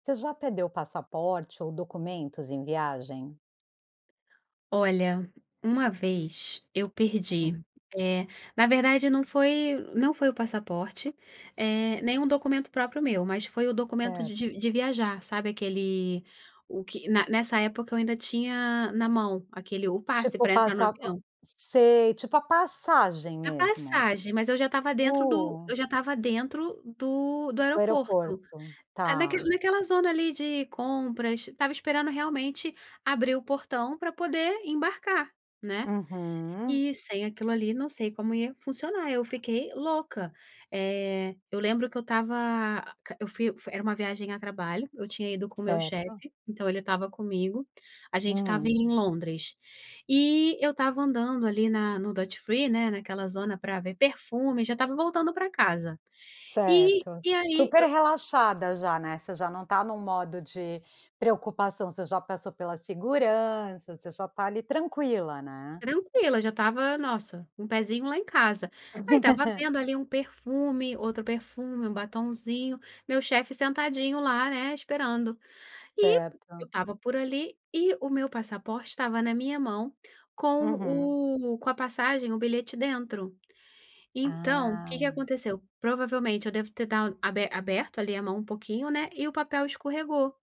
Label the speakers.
Speaker 1: Você já perdeu passaporte ou documentos em viagem?
Speaker 2: Olha, uma vez eu perdi,
Speaker 1: Hum.
Speaker 2: eh, na verdade não foi não foi o passaporte, eh, nem um documento próprio meu, mas foi o documento de
Speaker 1: Certo.
Speaker 2: de de viajar, sabe, aquele o que na nessa época, eu ainda tinha na mão aquele o passe,
Speaker 1: Tipo,
Speaker 2: pra entrar no
Speaker 1: passar
Speaker 2: avião.
Speaker 1: sei, tipo a passagem
Speaker 2: A
Speaker 1: mesmo.
Speaker 2: passagem, mas eu já estava dentro do
Speaker 1: Uh!
Speaker 2: eu já estava dentro do do
Speaker 1: Do
Speaker 2: aeroporto.
Speaker 1: aeroporto.
Speaker 2: Ah, naque
Speaker 1: Tá.
Speaker 2: naquela zona ali, de compras, estava esperando, realmente, abrir o portão pra poder embarcar, né.
Speaker 1: Uhum.
Speaker 2: E, sem aquilo ali, não sei como ia funcionar, eu fiquei louca. Eh, eu lembro que eu estava a q eu fui era uma viagem a trabalho, eu tinha ido com o meu
Speaker 1: Certo.
Speaker 2: chefe, então ele estava comigo. A gente estava
Speaker 1: Hum.
Speaker 2: em Londres, e eu estava andando, ali, na no Duty Free, né, naquela zona pra ver perfume, já estava voltando pra casa. E
Speaker 1: Certo.
Speaker 2: e aí
Speaker 1: Super
Speaker 2: eu
Speaker 1: relaxada já, né, você já não está num modo de preocupação, você já passou pela segurança, você já está, ali, tranquila, né.
Speaker 2: Tranquila, já estava, nossa, um pezinho lá em casa. Aí estava vendo, ali, um perfume, outro perfume, um batonzinho, meu chefe sentadinho lá, né, esperando. E eu
Speaker 1: Certo.
Speaker 2: estava por ali, e o meu passaporte estava na minha mão com
Speaker 1: Uhum.
Speaker 2: o com a passagem, o bilhete dentro. Então, o que que
Speaker 1: Ah.
Speaker 2: aconteceu? Provavelmente eu devo ter dad aber aberto, ali, a mão um pouquinho, né, e o papel escorregou.